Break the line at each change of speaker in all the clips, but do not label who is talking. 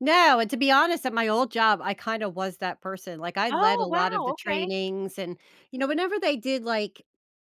No, and to be honest, at my old job, I kinda was that person, like, I led
Oh,
a lot of
wow.
the
Okay.
trainings and you know whenever they did, like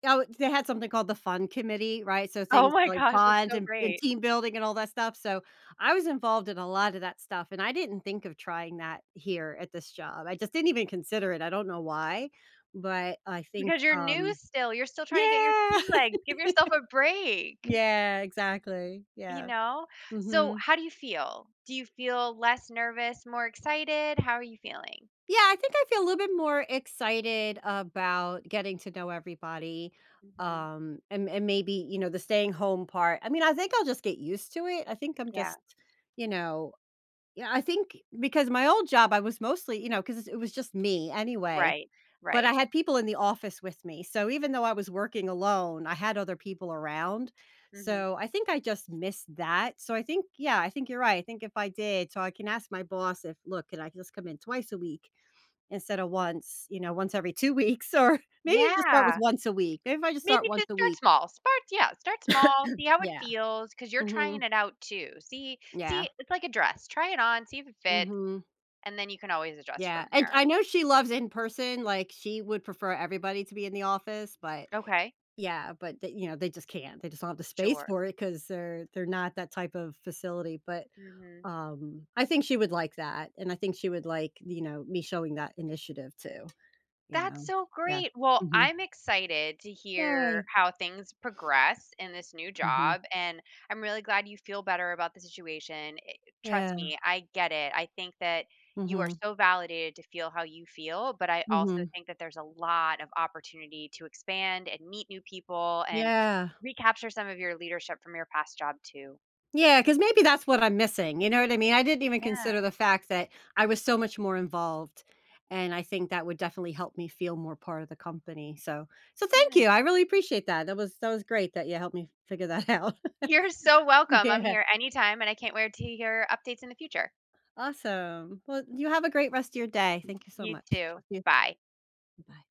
oh, they had something called the fun committee, right? So
Oh
things
my
like
gosh. That's
bond
so
and and
great.
team building and all that stuff, so, I was involved in a lotta that stuff, and I didn't think of trying that here at this job; I just didn't even consider it, I don't know why, but I think,
Because you're new
um
still, you're still trying to get your
Yeah.
sea legs, give yourself a break.
Yeah, exactly.
You
Yeah.
know? So
Mhm.
how do you feel? Do you feel less nervous, more excited? How are you feeling?
Yeah, I think I feel a little bit more excited about getting to know everybody,
Mhm.
um, and and maybe, you know, the staying home part, I mean, I think I'll just get used to it; I think I'm
Yeah.
just, you know you know, I think because my old job, I was mostly, you know 'cause it was just me anyway,
Right.
but I
Right.
had people in the office with me, so even though I was working alone, I had other people around,
Mhm.
so I think I just missed that, so I think yeah, I think you're right; I think if I did so I can ask my boss if, "Look, can I just come in twice a week instead of once," you know, "once every 2 weeks or" maybe just start with
Yeah.
once a week, maybe if I just start
Maybe
once
just
a
start
week.
small, start yeah, start small, see how it
Yeah.
feels, 'cause you're trying
Mhm.
it out too. See
Yeah.
see, it's like a dress, try it on, see if it fit,
Mhm.
and then you can always adjust
Yeah,
from
and
there.
I know she loves in-person, like, she would prefer everybody to be in the office, but,
Okay.
yeah, but they you know, they just can't, they just don't have the space
Sure.
for it 'cause they're they're not that type of facility, but,
Mhm.
um, I think she would like that, and I think she would like, you know, me showing that initiative too, you
That's
know?
so
Yeah.
great. Well,
Mhm.
I'm excited to hear
Yay!
how things progress in this new
Mhm.
job, and I'm really glad you feel better about the situation, i it trust
Yeah.
me, I get it. I think that you are
Mhm.
so validated to feel how you feel, but I also
Mhm.
think that there's a lot of opportunity to expand and meet new people, and
Yeah.
recapture some of your leadership from your past job, too.
Yeah, 'cause maybe that's what I'm missing, you know what I mean? I didn't even
Yeah.
consider the fact that I was so much more involved, and I think that would definitely help me feel more part of the company, so so thank
Good.
you, I really appreciate that. That was that was great that you helped me figure that out.
You're so welcome. I'm
Yeah.
here anytime, and I can't wait to hear updates in the future.
Awesome. Well, you have a great rest of your day. Thank you so
You
much.
too.
Talk to you
Bye.
Bye.